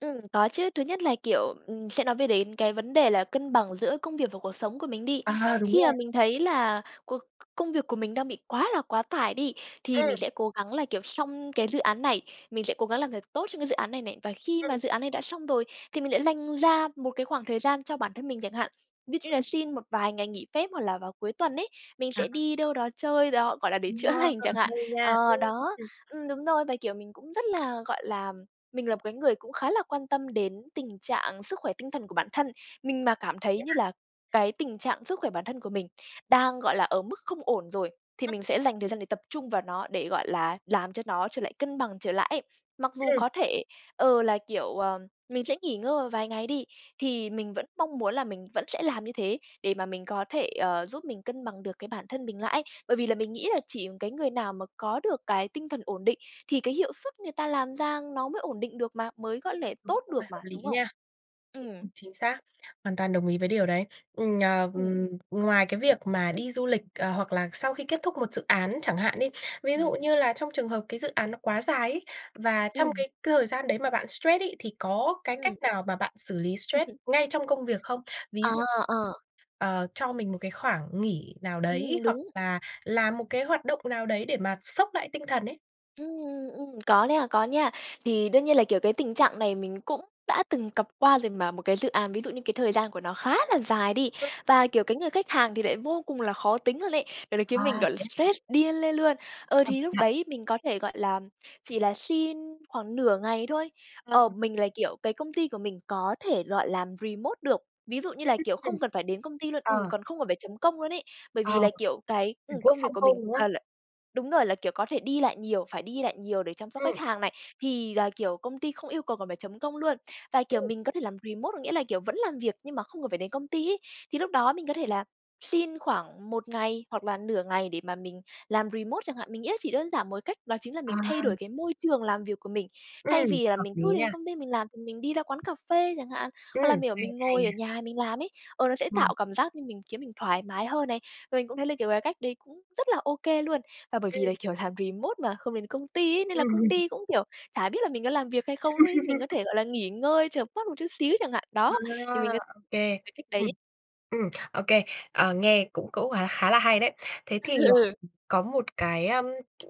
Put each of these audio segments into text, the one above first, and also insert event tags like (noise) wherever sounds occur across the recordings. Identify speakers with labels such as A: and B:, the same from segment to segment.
A: Ừm, có chứ. Thứ nhất là, kiểu, ừm, sẽ nói về đến cái vấn đề là cân bằng giữa công việc và cuộc sống của mình đi.
B: À, à, đúng
A: Khi mà
B: rồi.
A: mình thấy là cuộc công việc của mình đang bị quá là quá tải đi thì mình
B: Ừm.
A: sẽ cố gắng là, kiểu, xong cái dự án này, mình sẽ cố gắng làm thật tốt trong cái dự án này này. Và khi
B: Ừm.
A: mà dự án này đã xong rồi thì mình lại dành ra một cái khoảng thời gian cho bản thân mình chẳng hạn. Ví dụ như là xin một vài ngày nghỉ phép hoặc là vào cuối tuần ấy, mình sẽ
B: À.
A: đi đâu đó chơi đó, gọi là để chữa
B: Wow,
A: lành chẳng hạn.
B: hay nha.
A: Ờ,
B: Ưm,
A: đó,
B: ừm.
A: ừm, đúng rồi, và, kiểu, mình cũng rất là, gọi là, mình là một cái người cũng khá là quan tâm đến tình trạng sức khỏe tinh thần của bản thân. Mình mà cảm thấy
B: Thế
A: như
B: hả?
A: là cái tình trạng sức khỏe bản thân của mình đang, gọi là, ở mức không ổn rồi thì
B: Ừm.
A: mình sẽ dành thời gian để tập trung vào nó để, gọi là, làm cho nó trở lại cân bằng trở lại ấy. Mặc dù
B: Ừm.
A: có thể, ờ, là, kiểu, ờm, mình sẽ nghỉ ngơi một vài ngày đi, thì mình vẫn mong muốn là mình vẫn sẽ làm như thế để mà mình có thể, ờ, giúp mình cân bằng được cái bản thân mình lại ấy. Bởi vì là mình nghĩ là chỉ cái người nào mà có được cái tinh thần ổn định, thì cái hiệu suất người ta làm ra nó mới ổn định được mà, mới có
B: Ờ,
A: thể
B: đúng
A: tốt
B: rồi,
A: được
B: hợp
A: mà,
B: lý
A: đúng không?
B: nha. Đúng,
A: Ừm.
B: chính xác, hoàn toàn đồng ý với điều đấy. Ừm, ờ,
A: Ừm.
B: ừm, ngoài cái việc mà đi du lịch, ờ, hoặc là sau khi kết thúc một dự án chẳng hạn đi, ví dụ
A: Ừm.
B: như là trong trường hợp cái dự án nó quá dài ấy và trong
A: Ừm.
B: cái cái thời gian đấy mà bạn stress ấy, thì có cái
A: Ừm.
B: cách nào mà bạn xử lý
A: Ừm
B: stress
A: hừm.
B: ngay trong công việc không? Ví
A: Ờ,
B: dụ,
A: ờ.
B: ờ, cho mình một cái khoảng nghỉ nào đấy
A: Ừm,
B: hoặc
A: đúng.
B: là làm một cái hoạt động nào đấy để mà xốc lại tinh thần ấy.
A: Ừm, ừm, ừm, có nè, có nha. Thì đương nhiên là, kiểu, cái tình trạng này mình cũng đã từng cặp qua rồi mà, một cái dự án, ví dụ như cái thời gian của nó khá là dài đi.
B: Ừm.
A: Và, kiểu, cái người khách hàng thì lại vô cùng là khó tính luôn ấy, gọi là, khiến mình,
B: À,
A: gọi là,
B: thế hả?
A: stress điên lên luôn. Ờ,
B: Bằng
A: thì
B: cách
A: lúc
B: nào?
A: đấy mình có thể, gọi là, chỉ là xin khoảng nửa ngày thôi,
B: Vâng.
A: ờ, mình là, kiểu, cái công ty của mình có thể gọi làm remote được, ví dụ như là, kiểu, không
B: (unintelligible)
A: cần phải đến công ty luôn, ừm,
B: Ờ.
A: còn không cần phải chấm công luôn ấy. Bởi
B: Ờ,
A: vì là, kiểu, cái,
B: kiểu
A: ừm, công việc của
B: (unintelligible)
A: mình,
B: đúng hông?
A: ờ, là đúng rồi, là, kiểu, có thể đi lại nhiều, phải đi lại nhiều để chăm sóc khách
B: Ừm.
A: hàng này, thì là, kiểu, công ty không yêu cầu cần phải chấm công luôn. Và kiểu
B: Ừm.
A: mình có thể làm remote có nghĩa là, kiểu, vẫn làm việc nhưng mà không cần phải đến công ty ấy, thì lúc đó mình có thể là xin khoảng 1 ngày hoặc là nửa ngày để mà mình làm remote chẳng hạn, mình nghĩ là chỉ đơn giản 1 cách đó chính là
B: À.
A: mình thay đổi cái môi trường làm việc của mình. Thay
B: Ừm,
A: vì là
B: hợp
A: mình cứ
B: lý nha.
A: đến công ty mình làm thì mình đi ra quán cà phê chẳng hạn,
B: Ừm,
A: hoặc là mỉa
B: hay,
A: mình
B: hay
A: ngồi ở
B: nha!
A: nhà mình làm ấy, ờ, nó sẽ
B: Vâng.
A: tạo cảm giác như mình khiến mình thoải mái hơn này, và mình cũng thấy là, kiểu, cái cách đấy cũng rất là ô kê luôn. Và bởi vì là
B: Ừm.
A: kiểu làm remote mà không đến công ty ấy, nên là
B: Ừm
A: công
B: hừm.
A: ty cũng kiểu chả biết là mình có làm việc hay không ấy. Mình có
B: (laughs)
A: thể, gọi là, nghỉ ngơi chợp mắt một chút xíu chẳng hạn, đó,
B: À,
A: thì mình có
B: ô kê.
A: cái cách
B: Ừm,
A: đấy.
B: ừm, ô kê. Ờ, nghe cũng cũng khá là hay đấy. Thế thì, ờ,
A: Ừ.
B: có một cái, ờm,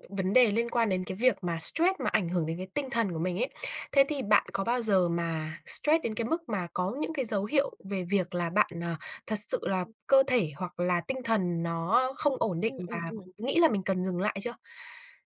B: vấn đề liên quan đến cái việc mà stress mà ảnh hưởng đến cái tinh thần của mình ấy. Thế thì bạn có bao giờ mà stress đến cái mức mà có những cái dấu hiệu về việc là bạn, à, thật sự là
A: Ừm.
B: cơ thể hoặc là tinh thần nó không ổn định
A: Ừm, ừm,
B: và
A: ừm.
B: nghĩ là mình cần dừng lại chưa?